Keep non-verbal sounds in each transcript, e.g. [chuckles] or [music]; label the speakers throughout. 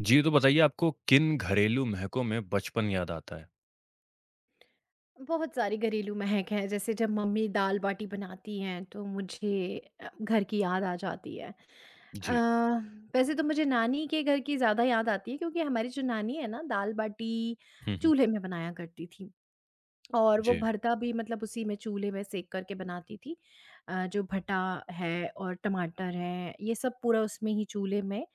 Speaker 1: जी, तो बताइए, आपको किन घरेलू महकों में बचपन याद आता है?
Speaker 2: बहुत सारी घरेलू महक है। जैसे जब मम्मी दाल-बाटी बनाती हैं, तो मुझे अ, घर की याद आ जाती है। अ,
Speaker 1: जी।
Speaker 2: वैसे तो मुझे नानी के घर की ज़्यादा याद आती है, क्योंकि हमारी जो नानी है ना, दाल-बाटी
Speaker 1: हुँ, हुँ।
Speaker 2: चूल्हे में बनाया करती थीं। और वो
Speaker 1: जी।
Speaker 2: भरता भी मतलब उसी में चूल्हे में सेक कर के बनाती थीं अ, जो भटा है और टमाटर है, ये सब पूरा उसमें ही चूल्हे में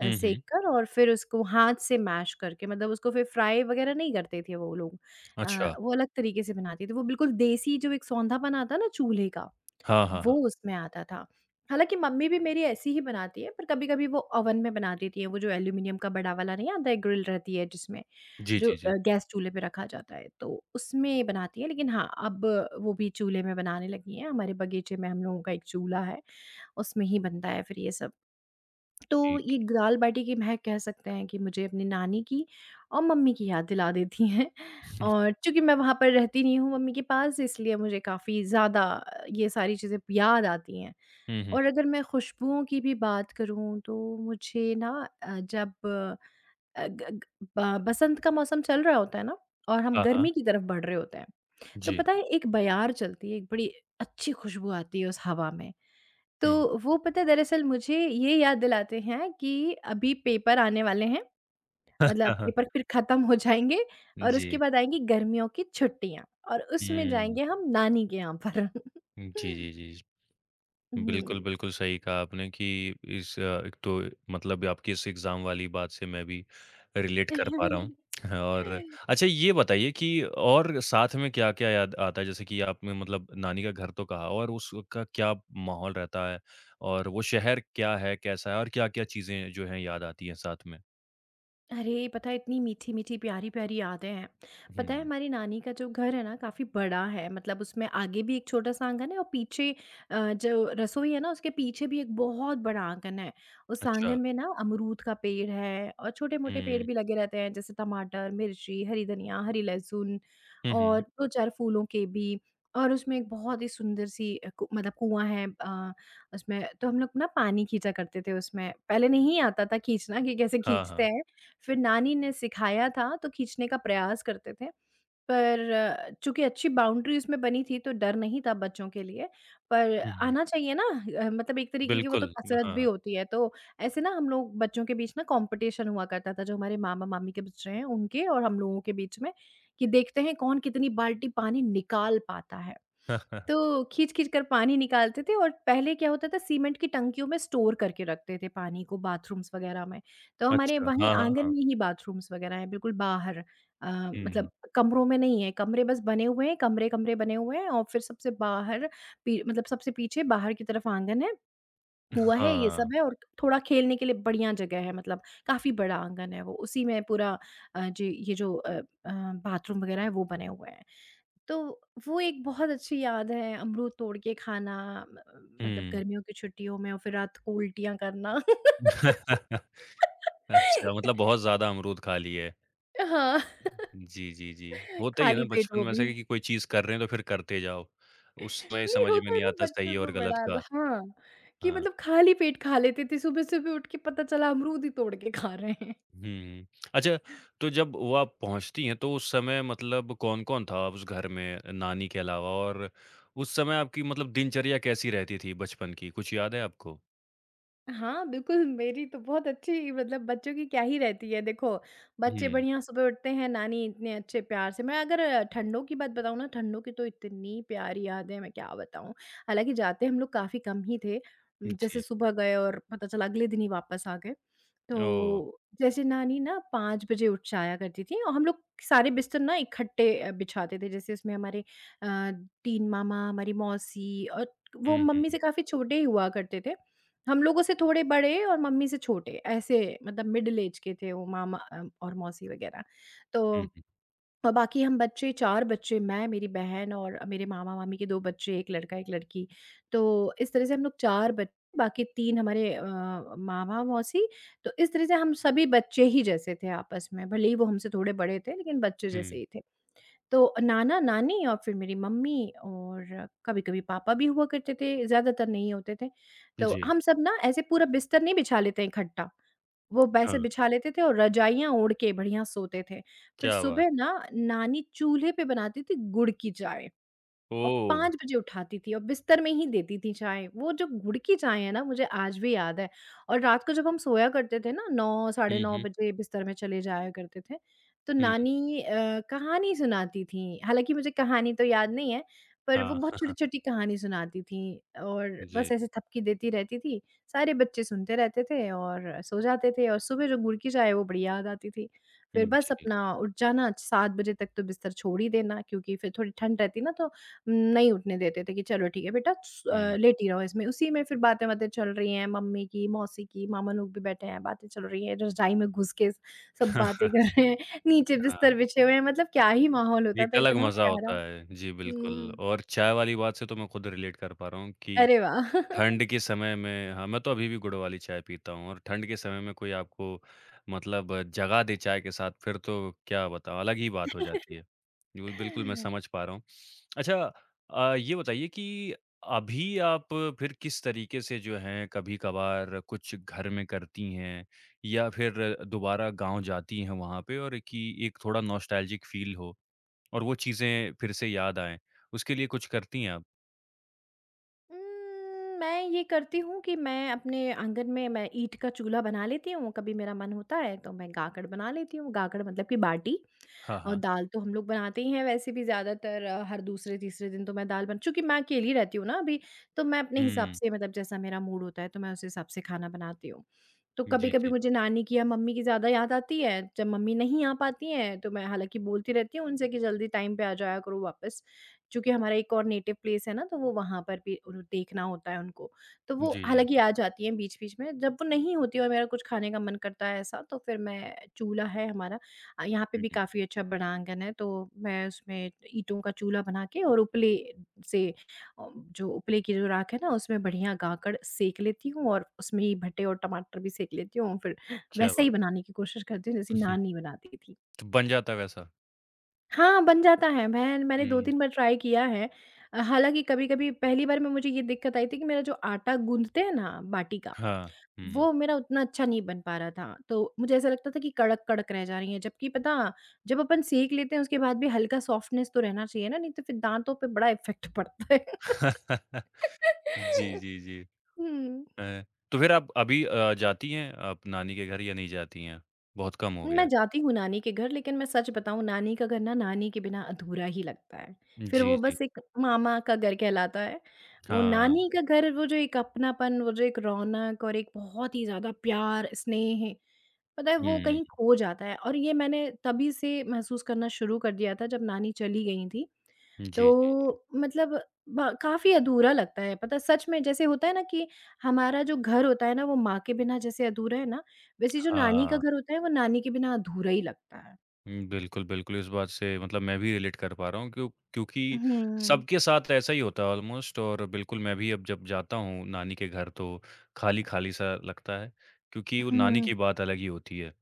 Speaker 2: अ,
Speaker 1: हुँ, हुँ।
Speaker 2: सेक कर और फिर उसको हाथ से मैश करके, मतलब उसको फिर फ्राई वगैरह नहीं करते थे वो लोग। अ,
Speaker 1: अच्छा।
Speaker 2: वो अलग तरीके से बनाती थी, वो बिल्कुल देसी जो एक सौंधापन आता है ना चूल्हे का,
Speaker 1: हाँ, हाँ,
Speaker 2: वो
Speaker 1: हाँ।
Speaker 2: उसमें आता था। हालाँकि मम्मी भी मेरी ऐसी ही बनाती हैं, पर कभी-कभी वो ओवन में बना देती हैं, वो जो एल्यूमीनियम का बड़ा वाला नहीं आता है, ग्रिल रहती है जिसमें,
Speaker 1: जी,
Speaker 2: जो
Speaker 1: जी,
Speaker 2: अ,
Speaker 1: जी।
Speaker 2: गैस चूल्हे पे रखा जाता है, तो उसमें बनाती है, लेकिन हाँ, अब वो भी चूल्हे में बनाने लगी हैं। हमारे बगीचे में हम लोगों का एक चूल्हा है, उसमें ही बनता है फिर ये सब। तो
Speaker 1: ठीक।
Speaker 2: ये ग दाल-बाटी की महक कह सकते हैं कि मुझे अपनी नानी की और मम्मी की याद दिला देती हैं।
Speaker 1: [chuckles]
Speaker 2: और चूँकि मैं वहाँ पर रहती नहीं हूँ, मम्मी के पास, इसलिए अब मुझे काफ़ी ज़्यादा ये सारी चीज़ें याद आती हैं।
Speaker 1: हुँ, हुँ,
Speaker 2: और
Speaker 1: हुँ।
Speaker 2: अगर मैं खुशबूओं की भी बात करूँ, तो मुझे ना अ, जब अ, ग ग ब बसंत का मौसम चल रहा होता है ना, और हम
Speaker 1: हाँ, हाँ।
Speaker 2: गर्मी की तरफ़ बढ़ रहे होते हैं, तो
Speaker 1: जी।
Speaker 2: पता है एक बयार चलती है, एक बड़ी अच्छी खुशबू आती है उस हवा में। तो
Speaker 1: हुँ।
Speaker 2: वो पता है, दरअसल मुझे ये याद दिलाते हैं कि अभी पेपर आने वाले हैं, मतलब
Speaker 1: [chuckles]
Speaker 2: पेपर फिर खत्म हो जाएँगे और उसके
Speaker 1: जी।
Speaker 2: बाद आएँगी गर्मियों की छुट्टियाँ और उसमें
Speaker 1: हुँ।
Speaker 2: जाएँगे हम नानी के यहाँ पर।
Speaker 1: हुँ, जी,
Speaker 2: [chuckles]
Speaker 1: जी, जी। बिल्कुल,
Speaker 2: हुँ।
Speaker 1: बिल्कुल सही कहा आपने कि इस एक तो मतलब ये आपकी इस एग्ज़ाम वाली बात से मैं भी रिलेट कर पा रहा हूँ और
Speaker 2: [laughs]
Speaker 1: अच्छा, ये बताइए कि और साथ में क्या-क्या याद आता है? जैसे कि आपने मतलब नानी का घर तो कहा और उसका क्या माहौल रहता है? और वो शहर क्या है, कैसा है और क्या-क्या चीज़ें जो हैं, याद आती हैं साथ में?
Speaker 2: अरे! पता है, इतनी मीठी-मीठी, प्यारी-प्यारी यादें हैं। पता है,
Speaker 1: हुँ।
Speaker 2: हमारी नानी का जो घर है ना, काफ़ी बड़ा है, मतलब उसमें आगे भी एक छोटा-सा आँगन है और पीछे अ, जो रसोई है ना, उसके पीछे भी एक बहुत बड़ा आँगन है। उस
Speaker 1: अच्छा।
Speaker 2: आँगन में ना अमरूद का पेड़ है और छोटे-मोटे पेड़
Speaker 1: हुँ।
Speaker 2: भी लगे रहते हैं, जैसे टमाटर, मिर्ची, हरी धनिया, हरी लहसुन
Speaker 1: हुँ,
Speaker 2: और
Speaker 1: हुँ।
Speaker 2: 2-4 फूलों के भी, और उसमें एक बहुत ही सुंदर-सी अ, कु मतलब कुआँ है अ, उसमें तो हम लोग ना पानी खींचा करते थे उसमें, पहले नहीं आता था खींचना कि कैसे
Speaker 1: हाँ,
Speaker 2: खींचते
Speaker 1: हाँ।
Speaker 2: हैं, फिर नानी ने सिखाया था, तो खींचने का प्रयास करते थे पर चूँकि अच्छी बाउंड्री उसमें बनी थी, तो डर नहीं था बच्चों के लिए, पर
Speaker 1: हुँ, हुँ।
Speaker 2: आना चाहिए ना अ, मतलब एक तरीके की वो तो
Speaker 1: बिल्कुल। अम,
Speaker 2: कसरत भी
Speaker 1: हाँ।
Speaker 2: होती है, तो ऐसे ना हम लोग बच्चों के बीच ना कॉम्पिटिशन हुआ करता था, जो हमारे मामा-मामी के बच्चे हैं, उनके और हम लोगों के बीच में, कि देखते हैं कौन कितनी बाल्टी पानी निकाल पाता है।
Speaker 1: [chuckles]
Speaker 2: तो खींच-खींच कर पानी निकालते थे, और पहले क्या होता था, सीमेंट की टंकियों में स्टोर करके रखते थे पानी को बाथरूम्स वगैरह में, तो हमारे
Speaker 1: अच्छा।
Speaker 2: वहीं
Speaker 1: हाँ, हाँ,
Speaker 2: आँगन
Speaker 1: हाँ।
Speaker 2: में ही बाथरूम्स वगैरह हैं, बिल्कुल बाहर अ,
Speaker 1: हुँ,
Speaker 2: मतलब
Speaker 1: हुँ।
Speaker 2: कमरों में नहीं है, कमरे बस बने हुए हैं, कमरे-कमरे बने हुए हैं और फिर सबसे बाहर पी मतलब सबसे पीछे बाहर की तरफ आँगन है,
Speaker 1: अ,
Speaker 2: कुआँ है, ये सब
Speaker 1: हाँ।
Speaker 2: है, और थोड़ा खेलने के लिए बढ़िया जगह है, मतलब काफ़ी बड़ा आँगन है वो, उसी में पूरा अ, जी, ये जो अ अ, बाथरूम वगैरह हैं, वो बने हुए हैं। तो वो एक बहुत अच्छी याद है, अमरूद तोड़ के खाना म मतलब
Speaker 1: हुँ।
Speaker 2: गर्मियों की छुट्टियों में और फिर रात को उल्टियाँ करना।
Speaker 1: [chuckles] अच्छा, मतलब
Speaker 2: [laughs]
Speaker 1: बहुत ज़्यादा अमरूद खा लिए।
Speaker 2: अ, हाँ। [chuckles]
Speaker 1: जी, जी, जी। होता ही है ना
Speaker 2: खाली पेट
Speaker 1: बचपन
Speaker 2: वो
Speaker 1: में ऐसा
Speaker 2: भी।
Speaker 1: कि कि कोई चीज़ कर रहे हैं तो फिर करते जाओ। उस समय
Speaker 2: नहीं
Speaker 1: समझ में
Speaker 2: होता है
Speaker 1: नहीं
Speaker 2: ना
Speaker 1: आता
Speaker 2: बच्चों
Speaker 1: सही
Speaker 2: को
Speaker 1: और गलत
Speaker 2: बड़ा ल
Speaker 1: का।
Speaker 2: हाँ, कि
Speaker 1: हाँ।
Speaker 2: मतलब खाली पेट खा लेते थे सुबह सुबह उठ के, पता चला अमरूद ही तोड़ के खा रहे हैं।
Speaker 1: हुँ, हुँ। अच्छा, तो जब वो आप पहुँचती हैं, तो उस समय मतलब कौन-कौन था उस घर में अ, नानी के अलावा? और उस समय आपकी मतलब दिनचर्या कैसी रहती थी, बचपन की, कुछ याद है आपको?
Speaker 2: हाँ, बिल्कुल, मेरी तो बहुत अच्छी मतलब बच्चों की क्या ही रहती है। देखो, बच्चे
Speaker 1: हुँ।
Speaker 2: बढ़िया सुबह उठते हैं, नानी इतने अच्छे प्यार से मैं अगर ठंडों की बात बताऊँ ना, ठंडों की तो इतनी प्यारी यादें हैं, मैं क्या बताऊँ। हालाँकि जाते हम लोग काफ़ी कम ही थे उम, जैसे
Speaker 1: जी।
Speaker 2: सुबह गए और पता चला अगले दिन ही वापस आ गए।
Speaker 1: ओह!
Speaker 2: तो जैसे नानी ना, 5 बजे उठ जाया करती थीं और हम लोग सारे बिस्तर ना इकट्ठे अ, बिछाते थे। जैसे उसमें हमारे अ, 3 मामा, हमारी मौसी और वो
Speaker 1: हुँ,
Speaker 2: मम्मी से
Speaker 1: हुँ।
Speaker 2: काफ़ी छोटे ही हुआ करते थे। हम लोगों से थोड़े बड़े और मम्मी से छोटे, ऐसे मतलब मिडल ऐज के थे वो मामा अ और मौसी वगैरह।
Speaker 1: हुँ,
Speaker 2: तो
Speaker 1: हुँ।
Speaker 2: बाकी हम बच्चे, 4 बच्चे, मैं, मेरी बहन और अ, मेरे मामा-मामी के 2 बच्चे, 1 लड़का, 1 लड़की। तो इस तरह से हम लोग 4 बच बाकी 3 हमारे अ, मामा, मौसी, तो इस तरह से हम सभी बच्चे ही जैसे थे आपस में। भले ही वो हमसे थोड़े बड़े थे, लेकिन बच्चे जैसे
Speaker 1: हुँ।
Speaker 2: ही थे। तो अ, नाना-नानी और फिर मेरी मम्मी और कभी-कभी पापा भी हुआ करते थे, ज़्यादातर नहीं होते थे। तो
Speaker 1: जी।
Speaker 2: हम सब ना, ऐसे पूरा बिस्तर नहीं बिछा लेते इकट्ठा, वो वेसे
Speaker 1: हाँ।
Speaker 2: बिछा लेते थे, और रज़ाइयाँ ओढ़ के बढ़िया सोते थे। फिर
Speaker 1: क्या बात!
Speaker 2: सुबह ना, नानी चूल्हे पे बनाती थीं गुड़ की चाय, और
Speaker 1: ओह!
Speaker 2: 5 बजे उठाती थीं और बिस्तर में ही देती थीं चाय। वो जो गुड़ की चाय है ना, मुझे आज भी याद है। और रात को जब हम सोया करते थे ना, 9, साढ़े
Speaker 1: हुँ,
Speaker 2: 9
Speaker 1: हुँ।
Speaker 2: बजे बिस्तर में चले जाया करते थे, तो
Speaker 1: हुँ।
Speaker 2: नानी अ, कहानी सुनाती थीं। हालाँकि मुझे कहानी तो याद नहीं है, पर वो
Speaker 1: हाँ।
Speaker 2: बहुत
Speaker 1: [chuckles]
Speaker 2: छोटी-छोटी कहानी सुनाती थीं, और बस
Speaker 1: जी।
Speaker 2: ऐसे थपकी देती रहती थीं, सारे बच्चे सुनते रहते थे और सो जाते थे, और सुबह जो गुड़ की चाय है, वो बढ़िया आ जाती थी। फिर
Speaker 1: हुँ,
Speaker 2: बस
Speaker 1: जी।
Speaker 2: अपना उठ जाना, 7 बजे तक तो बिस्तर छोड़ ही देना, क्योंकि फिर थोड़ी ठंड रहती ना, तो नहीं उठने देते थे कि "चलो, ठीक है बेटा, स अ,
Speaker 1: हुँ।
Speaker 2: लेटी रहो इसमें।" उसी में फिर बातें-वातें चल रही हैं, मम्मी की, मौसी की, मामा लोग भी बैठे हैं, बातें चल रही हैं, रज़ाई मैं घुस के स सब बातें
Speaker 1: [chuckles]
Speaker 2: कर रहे हैं, नीचे
Speaker 1: हाँ।
Speaker 2: बिस्तर बिछे हुए हैं, मतलब क्या ही माहौल
Speaker 1: ये
Speaker 2: होता
Speaker 1: एक
Speaker 2: था,
Speaker 1: अलग
Speaker 2: इतना
Speaker 1: मज़ा
Speaker 2: प्यारा।
Speaker 1: होता है। जी, बिल्कुल,
Speaker 2: हुँ।
Speaker 1: और चाय वाली बात से तो मैं खुद रिलेट कर पा रहा हूँ कि
Speaker 2: अरे वाह! [chuckles]
Speaker 1: ठंड के समय में हाँ, मैं तो अभी भी गुड़ वाली चाय पीता हूँ, और ठंड के समय में कोई आपको मतलब जगा दे चाय के साथ, फिर तो क्या बताओ, अलग ही बात हो जाती है। जी, वो ही, बिल्कुल मैं
Speaker 2: [chuckles]
Speaker 1: समझ पा रहा हूँ। अच्छा अ, ये बताइए कि अभी आप फिर किस तरीके से जो है कभी-कभार कुछ घर में करती हैं, या फिर दोबारा गाँव जाती हैं वहाँ पे और कि एक थोड़ा नॉस्टैल्जिक फील हो और वो चीज़ें फिर से याद आएँ? उसके लिए कुछ करती हैं आप?
Speaker 2: उम, मैं ये करती हूँ कि मैं अपने आँगन में मैं ईट का चूल्हा बना लेती हूँ, कभी मेरा मन होता है, तो मैं गाकड़ बना लेती हूँ, गाकड़ मतलब कि बाटी,
Speaker 1: हाँ,
Speaker 2: और
Speaker 1: हाँ।
Speaker 2: दाल तो हम लोग बनाते ही हैं वैसे भी ज़्यादातर, हर दूसरे-तीसरे दिन तो मैं दाल बन चूँकि मैं अकेली रहती हूँ ना अभी, तो मैं अपने हिसाब
Speaker 1: हुँ।
Speaker 2: से मतलब जैसा मेरा मूड होता है, तो मैं उस हिसाब से खाना बनाती हूँ। तो
Speaker 1: जी,
Speaker 2: कभी-कभी
Speaker 1: जी।
Speaker 2: मुझे नानी की या मम्मी की ज़्यादा याद आती है, जब मम्मी नहीं आ पाती हैं, तो मैं हालाँकि बोलती रहती हूँ उनसे कि, "जल्दी टाइम पे आ जाया करो वापस।" चूँकि हमारा एक और नेटिव प्लेस है ना, तो वो वहाँ पर भी उर देखना होता है उनको। तो
Speaker 1: जी,
Speaker 2: वो
Speaker 1: जी।
Speaker 2: हालाँकि आ जाती हैं बीच-बीच में, जब वो नहीं होती और मेरा कुछ खाने का मन करता है ऐसा, तो फिर मैं चूल्हा है हमारा अ, यहाँ पे
Speaker 1: हुँ,
Speaker 2: भी
Speaker 1: हुँ।
Speaker 2: काफ़ी अच्छा बड़ा आँगन है, तो मैं उसमें ईंटो का चूल्हा बना के और उपले से अ, जो उपले की जो राख है ना, उसमें बढ़िया गाकड़ सेंक लेती हूँ, और उसमें ही भट्टे और टमाटर भी सेंक लेती हूँ, फिर
Speaker 1: क्या
Speaker 2: वैसे
Speaker 1: बात।
Speaker 2: ही बनाने की कोशिश करती हूँ, जैसे
Speaker 1: उहुँ।
Speaker 2: नानी बनाती थीं।
Speaker 1: तो बन जाता है वैसा?
Speaker 2: हाँ, बन जाता है बहन, मैंने दो
Speaker 1: हुँ।
Speaker 2: तीन बार ट्राई किया है। अ, हालाँकि कभी-कभी पहली बार में मुझे ये दिक्कत आई थी कि मेरा जो आटा गूँथते हैं ना बाटी का,
Speaker 1: हाँ। हुँ।
Speaker 2: वो मेरा उतना अच्छा नहीं बन पा रहा था, तो मुझे ऐसा लगता था कि कड़क-कड़क रह जा रही हैं, जबकि पता, जब अपन सेंक लेते हैं, उसके बाद भी हल्का सॉफ्टनेस तो रहना चाहिए ना, नहीं तो फिर दाँतों पे बड़ा इफ़ेक्ट पड़ता है।
Speaker 1: [chuckles] जी,
Speaker 2: [laughs]
Speaker 1: जी, जी।
Speaker 2: हुँ।
Speaker 1: अ, तो फिर आप अभी अ, जाती हैं आप नानी के घर या नहीं जाती हैं, बहुत कम हो गया
Speaker 2: मैं
Speaker 1: है?
Speaker 2: जाती हूँ नानी के घर, लेकिन मैं सच बताऊँ, नानी का घर ना, नानी के बिना अधूरा ही लगता है, फिर
Speaker 1: जी,
Speaker 2: वो
Speaker 1: जी।
Speaker 2: बस एक मामा का घर कहलाता है। वो
Speaker 1: हाँ।
Speaker 2: नानी का घर, वो जो एक अपनापन, वो जो एक रौनक और एक बहुत ही ज़्यादा प्यार, स्नेह, पता है वो
Speaker 1: हुँ।
Speaker 2: कहीं खो जाता है और ये मैंने तभी से महसूस करना शुरू कर दिया था जब नानी चली गई थीं,
Speaker 1: जी, जी, जी।
Speaker 2: तो मतलब ब काफ़ी अधूरा लगता है। पता है, सच में जैसे होता है ना कि हमारा जो घर होता है ना, वो माँ के बिना जैसे अधूरा है ना, वैसे ही जो नानी का
Speaker 1: हाँ।
Speaker 2: घर होता है, वो नानी के बिना अधूरा ही लगता है।
Speaker 1: हुँ। बिल्कुल, बिल्कुल। इस बात से मतलब मैं भी रिलेट कर पा रहा हूँ, क्यों क्योंकि
Speaker 2: हुँ।
Speaker 1: सबके साथ ऐसा ही होता है ऑलमोस्ट और बिल्कुल मैं भी अब जब जाता हूँ नानी के घर, तो खाली-खाली-सा लगता है, क्योंकि वो नानी
Speaker 2: हुँ।
Speaker 1: की बात अलग ही होती है।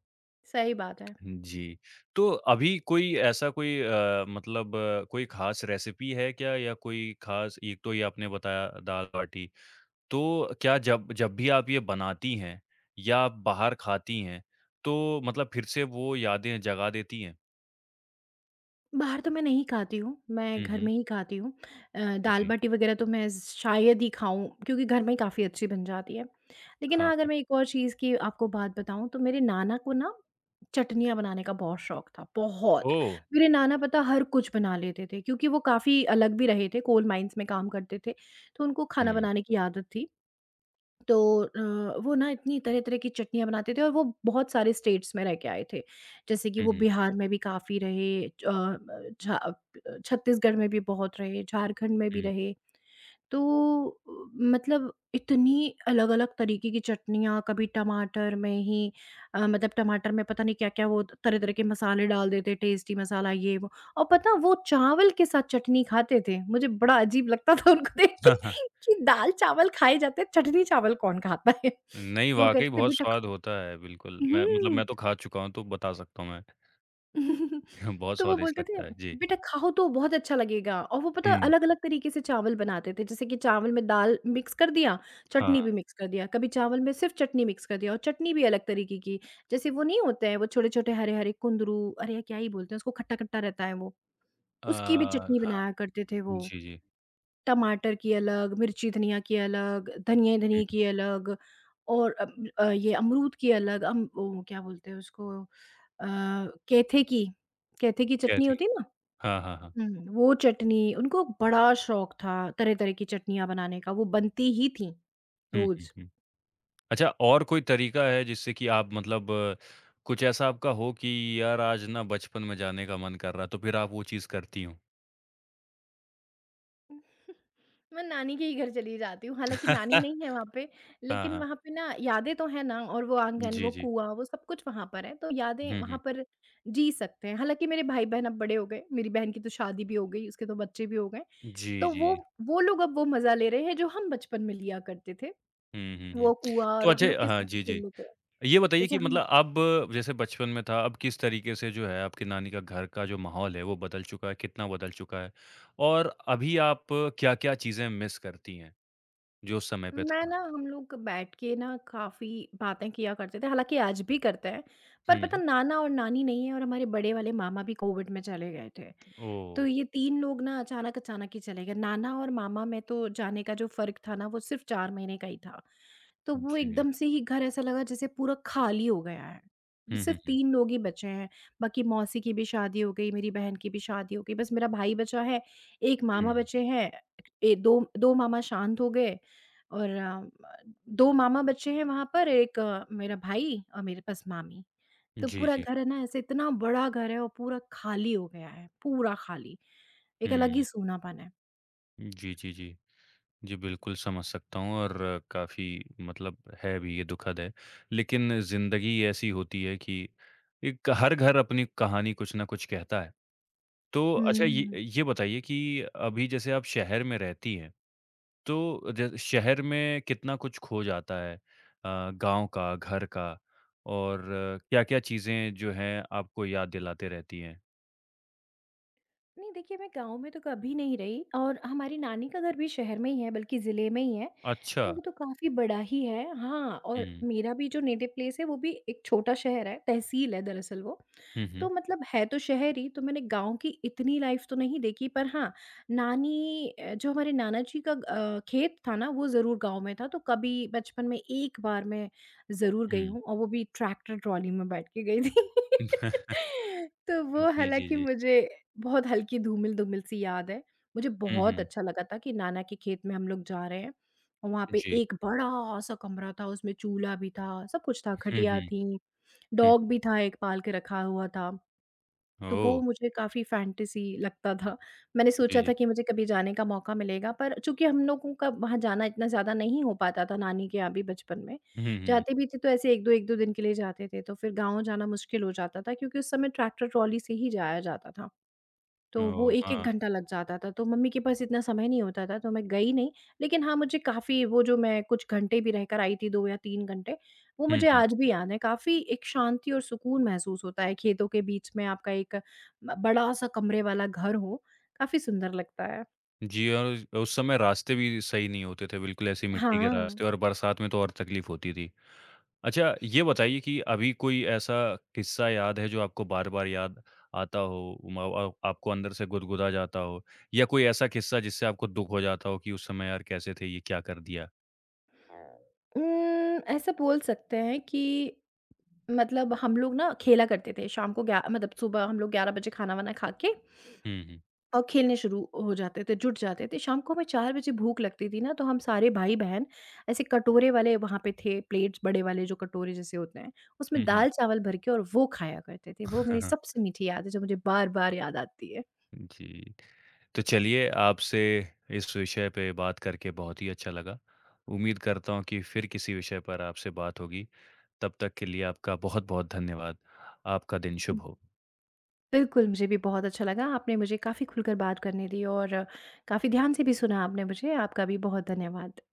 Speaker 2: सही बात है।
Speaker 1: जी, तो अभी कोई ऐसा कोई अ, मतलब कोई खास रेसिपी है क्या या कोई खास, एक तो ये आपने बताया दाल-बाटी, तो क्या जब जब भी आप ये बनाती हैं या बाहर खाती हैं, तो मतलब फिर से वो यादें जगा देती हैं?
Speaker 2: बाहर तो मैं नहीं खाती हूँ, मैं
Speaker 1: हुँ,
Speaker 2: घर
Speaker 1: हुँ।
Speaker 2: में ही खाती हूँ अ,
Speaker 1: जी।
Speaker 2: दाल-बाटी वग़ैरह तो मैं शायद ही खाऊँ, क्योंकि घर में ही काफ़ी अच्छी बन जाती है, लेकिन
Speaker 1: हाँ,
Speaker 2: हाँ, अगर
Speaker 1: हाँ।
Speaker 2: मैं एक और चीज़ की आपको बात बताऊँ, तो मेरे नाना को ना चटनियाँ बनाने का बहुत शौक था, बहुत,
Speaker 1: ओह!
Speaker 2: मेरे नाना पता है हर कुछ बना लेते थे क्योंकि वो काफ़ी अलग भी रहे थे, कोल माइंस में काम करते थे, तो उनको खाना
Speaker 1: हुँ।
Speaker 2: बनाने की आदत थी, तो अ, वो ना इतनी तरह-तरह की चटनियाँ बनाते थे और वो बहुत सारे स्टेट्स में रह के आए थे, जैसे कि
Speaker 1: हुँ,
Speaker 2: वो
Speaker 1: हुँ।
Speaker 2: बिहार में भी काफ़ी रहे च अ, छा अ अ, छत्तीसगढ़ में भी बहुत रहे, झारखंड में भी
Speaker 1: हुँ।
Speaker 2: रहे, तो अ, मतलब इतनी अलग-अलग तरीके की चटनियाँ, कभी टमाटर में ही अ, मतलब टमाटर में पता नहीं क्या-क्या वो त तरह-तरह के मसाले डाल देते, टेस्टी मसाला, ये वो और पता वो चावल के साथ चटनी खाते थे, मुझे बड़ा अजीब लगता था उनको देख के
Speaker 1: हाँ, हाँ।
Speaker 2: कि दाल-चावल खाए जाते हैं, चटनी-चावल कौन खाता है?
Speaker 1: नहीं,
Speaker 2: [chuckles] तो वो
Speaker 1: वाक़ई
Speaker 2: कहते थे
Speaker 1: बहुत
Speaker 2: "बेटा खा"
Speaker 1: स्वाद होता है, बिल्कुल, मैं मतलब
Speaker 2: हुँ।
Speaker 1: मैं तो खा चुका हूँ, तो बता सकता हूँ मैं।
Speaker 2: [chuckles]
Speaker 1: हाँ, बहुत
Speaker 2: तो वो
Speaker 1: स्वादिष्ट
Speaker 2: बोलते थे
Speaker 1: लगता है। जी।
Speaker 2: "बेटा खाओ तो, बहुत अच्छा लगेगा" और वो पता
Speaker 1: हुँ।
Speaker 2: अलग-अलग तरीके से चावल बनाते थे, जैसे कि चावल में दाल मिक्स कर दिया, चटनी
Speaker 1: हाँ।
Speaker 2: भी मिक्स कर दिया, कभी चावल में सिर्फ़ चटनी मिक्स कर दिया और चटनी भी अलग तरीके की, जैसे वो नहीं होते हैं, वो छोटे-छोटे हरे-हरे कुंदरू, अरे यार, क्या ही बोलते हैं उसको, खट्टा-खट्टा रहता है वो, उसकी भी
Speaker 1: अ,
Speaker 2: चटनी
Speaker 1: हाँ।
Speaker 2: बनाया करते थे वो,
Speaker 1: जी, जी।
Speaker 2: टमाटर की अलग, मिर्ची-धनिया की अलग, धनिये धनिये
Speaker 1: हुँ।
Speaker 2: की अलग और अम अ, ये अमरूद की अलग अम, वो क्या बोलते हैं उसको अ, कैथे की कैथे की चटनी
Speaker 1: कैथी।
Speaker 2: होती है ना?
Speaker 1: हाँ, हाँ, हाँ।
Speaker 2: हुँ, वो चटनी, उनको बड़ा शौक था तरह-तरह की चटनियाँ बनाने का, वो बनती ही थीं,
Speaker 1: हुँ, हुँ,
Speaker 2: रोज़।
Speaker 1: हुँ। अच्छा और कोई तरीका है, जिससे कि आप मतलब कुछ ऐसा आपका हो कि "यार आज ना बचपन में जाने का मन कर रहा है," तो फिर आप वो चीज़ करती हों?
Speaker 2: [chuckles] मैं नानी के ही घर चली जाती हूँ, हालाँकि नानी नहीं है वहाँ पे,
Speaker 1: [chuckles] हाँ,
Speaker 2: लेकिन
Speaker 1: हाँ।
Speaker 2: वहाँ पे ना यादें तो हैं ना, और वो आँगन,
Speaker 1: जी,
Speaker 2: वो
Speaker 1: जी।
Speaker 2: कुआँ, वो सब कुछ वहाँ पर है, तो यादें
Speaker 1: हुँ,
Speaker 2: वहाँ
Speaker 1: हुँ।
Speaker 2: पर जी सकते हैं। हालाँकि मेरे भाई-बहन अब बड़े हो गए, मेरी बहन की तो शादी भी हो गई, उसके 2 बच्चे भी हो गए।
Speaker 1: जी,
Speaker 2: तो वो,
Speaker 1: जी।
Speaker 2: वो लोग अब वो मज़ा ले रहे हैं, जो हम बचपन में लिया करते थे,
Speaker 1: हुँ, हुँ, हुँ।
Speaker 2: वो कुआँ,
Speaker 1: तो
Speaker 2: और हम लोग
Speaker 1: अच्छा
Speaker 2: के
Speaker 1: हाँ
Speaker 2: साथ ही
Speaker 1: जी,
Speaker 2: खेल
Speaker 1: जी।
Speaker 2: लेते हैं,
Speaker 1: ये बताइए
Speaker 2: जैसे
Speaker 1: कि
Speaker 2: हम मा
Speaker 1: मतलब अब जैसे बचपन में था, अब किस तरीके से जो है आपकी नानी का घर का जो माहौल है, वो बदल चुका है, कितना बदल चुका है? और अभी आप क्या-क्या चीज़ें मिस करती हैं, जो उस समय पे
Speaker 2: मैं
Speaker 1: था?
Speaker 2: ना हम लोग बैठ के ना काफ़ी बातें किया करते थे, हालाँकि आज भी करते हैं, पर
Speaker 1: हुँ,
Speaker 2: पता,
Speaker 1: हुँ।
Speaker 2: नाना और नानी नहीं है, और हमारे बड़े वाले मामा भी कोविड में चले गए थे,
Speaker 1: ओह!
Speaker 2: तो ये 3 लोग ना अचानक-अचानक ही चले गए। नाना और मामा में तो जाने का जो फ़र्क था ना, वो सिर्फ़ 4 महीने का ही था, तो वो
Speaker 1: जी।
Speaker 2: एकदम से ही घर ऐसा लगा जैसे पूरा खाली हो गया है। बस
Speaker 1: हुँ, हुँ,
Speaker 2: सिर्फ़
Speaker 1: हुँ।
Speaker 2: 3 लोग ही बचे हैं, बाकी मौसी की भी शादी हो गई, मेरी बहन की भी शादी हो गई, बस मेरा भाई बचा है, 1 मामा
Speaker 1: हुँ।
Speaker 2: बचे हैं ए, 2- 2 मामा शांत हो गए, और अ, म 2 मामा बचे हैं वहाँ पर, एक मेरा भाई और मेरे बस मामी। तो
Speaker 1: जी,
Speaker 2: पूरा
Speaker 1: जी।
Speaker 2: घर है ना, ऐसे इतना बड़ा घर है और पूरा ख़ाली हो गया है, पूरा ख़ाली, एक अलग ही
Speaker 1: हुँ।
Speaker 2: सुनापना है।
Speaker 1: जी, जी, जी। जी, बिल्कुल, समझ सकता हूँ, और काफ़ी मतलब है भी, ये दुखद है, लेकिन ज़िंदगी ऐसी होती है कि एक हर घर अपनी कहानी कुछ न कुछ कहता है, तो अच्छा, ये
Speaker 2: हुँ।
Speaker 1: ये बताइए कि अभी जैसे आप शहर में रहती हैं, तो ज शहर में कितना कुछ खो जाता है अ, गाँव का, घर का, और क्या-क्या चीज़ें जो हैं आपको याद दिलाते रहती हैं?
Speaker 2: नहीं, देखिए, मैं गाँव में तो कभी नहीं रही और हमारी नानी का घर भी शहर में ही है, बल्कि जिले में ही है, तो
Speaker 1: अच्छा।
Speaker 2: वो तो काफ़ी बड़ा ही है। हाँ, और
Speaker 1: हुँ।
Speaker 2: मेरा भी जो नेटिव प्लेस है, वो भी एक छोटा शहर है, तहसील है दरअसल वो।
Speaker 1: हुँ,
Speaker 2: तो
Speaker 1: हुँ।
Speaker 2: मतलब है तो शहर ही, तो मैंने गाँव की इतनी लाइफ़ तो नहीं देखी, पर हाँ, नानी अ, जो हमारे नाना जी का अ, खेत था ना, वो ज़रूर गाँव में था, तो कभी बचपन में एक बार मैं ज़रूर गई
Speaker 1: हुँ।
Speaker 2: हूँ और वो भी ट्रैक्टर ट्रॉली में बैठ के गई थी।
Speaker 1: [chuckles]
Speaker 2: [laughs] तो
Speaker 1: अ,
Speaker 2: वो
Speaker 1: जी, जी,
Speaker 2: हालाँकि
Speaker 1: जी।
Speaker 2: मुझे बहुत हल्की धूमिल-धूमिल सी याद है। मुझे
Speaker 1: हुँ,
Speaker 2: बहुत
Speaker 1: हुँ।
Speaker 2: अच्छा लगा था कि नाना के खेत में हम लोग जा रहे हैं और वहाँ पे
Speaker 1: जी।
Speaker 2: एक बड़ा-सा कमरा था, उसमें चूल्हा भी था, सब-कुछ था,
Speaker 1: हुँ,
Speaker 2: खटिया
Speaker 1: हुँ।
Speaker 2: थी, [smacks lips]
Speaker 1: हुँ।
Speaker 2: डॉग भी था, एक पाल के रखा हुआ था, तो वो
Speaker 1: ओह!
Speaker 2: मुझे काफ़ी फ़ैंटेसी लगता था। मैंने
Speaker 1: जी,
Speaker 2: सोचा
Speaker 1: जी।
Speaker 2: था कि मुझे कभी जाने का मौका मिलेगा, पर चूँकि हम लोगों का वहाँ जाना इतना ज़्यादा नहीं हो पाता था, नानी के यहाँ भी बचपन में,
Speaker 1: हुँ, हुँ।
Speaker 2: जाते भी थे, तो ऐसे 1-2, 1-2 दिन के लिए जाते थे, तो फिर गाँव जाना मुश्किल हो जाता था, क्योंकि उस समय ट्रैक्टर ट्रॉली से ही जाया जाता था। तो वो
Speaker 1: ओह!
Speaker 2: 1-1
Speaker 1: हाँ।
Speaker 2: घंटा लग जाता था, तो मम्मी के पास इतना समय नहीं होता था, तो मैं गई नहीं। लेकिन हाँ, मुझे काफ़ी वो जो मैं कुछ घंटे भी रहकर आई थी, 2 या 3 घंटे, वो
Speaker 1: हुँ,
Speaker 2: मुझे
Speaker 1: हुँ।
Speaker 2: आज भी याद हैं, काफ़ी एक शांति और सुकून महसूस होता है, खेतों के बीच में आपका एक ब बड़ा-सा कमरे वाला घर हो, काफ़ी सुंदर लगता है।
Speaker 1: जी, औज उस समय रास्ते भी सही नहीं होते थे बिल्कुल, ऐसी ही मिट्टी के
Speaker 2: हाँ।
Speaker 1: रास्ते और बरसात में तो और तकलीफ़ होती थी। अच्छा, ये बताइए कि अभी कोई ऐसा किस्सा याद है, जो आपको बार-बार याद आता हो उम अ अ, आपको अंदर से गुदगुदा जाता हो या कोई ऐसा किस्सा जिससे आपको दुःख हो जाता हो कि "उस समय यार कैसे थे, ये क्या कर दिया?"
Speaker 2: उम, ऐसा बोल सकते हैं कि मतलब हम लोग ना खेला करते थे शाम को ग्या मतलब सुबह हम लोग 11 बजे खाना-वाना खा के
Speaker 1: हुँ, हुँ।
Speaker 2: और खेलने शुरू हो जाते थे, जुट जाते थे, शाम को हमें 4 बजे भूख लगती थी ना, तो हम सारे भाई-बहन ऐसे कटोरे वाले वहाँ पे थे, प्लेट्स बड़े वाले जो कटोरे जैसे होते हैं, उसमें
Speaker 1: हुँ, हुँ।
Speaker 2: दाल-चावल भर के और वो खाया करते थे, वो मेरी
Speaker 1: [chuckles]
Speaker 2: सबसे मीठी याद है, जो मुझे बार-बार याद आती है।
Speaker 1: जी, तो चलिए आपसे इस विषय पे बात करके बहुत ही अच्छा लगा, उम्मीद करता हूँ कि फिर किसी विषय पर आपसे बात होगी, तब तक के लिए आपका बहुत-बहुत धन्यवाद, आपका दिन
Speaker 2: हुँ।
Speaker 1: शुभ हो।
Speaker 2: बिल्कुल, मुझे भी बहुत अच्छा लगा, आपने मुझे काफ़ी खुलकर बात करने दी और काफ़ी ध्यान से भी सुना आपने मुझे, आपका भी बहुत धन्यवाद।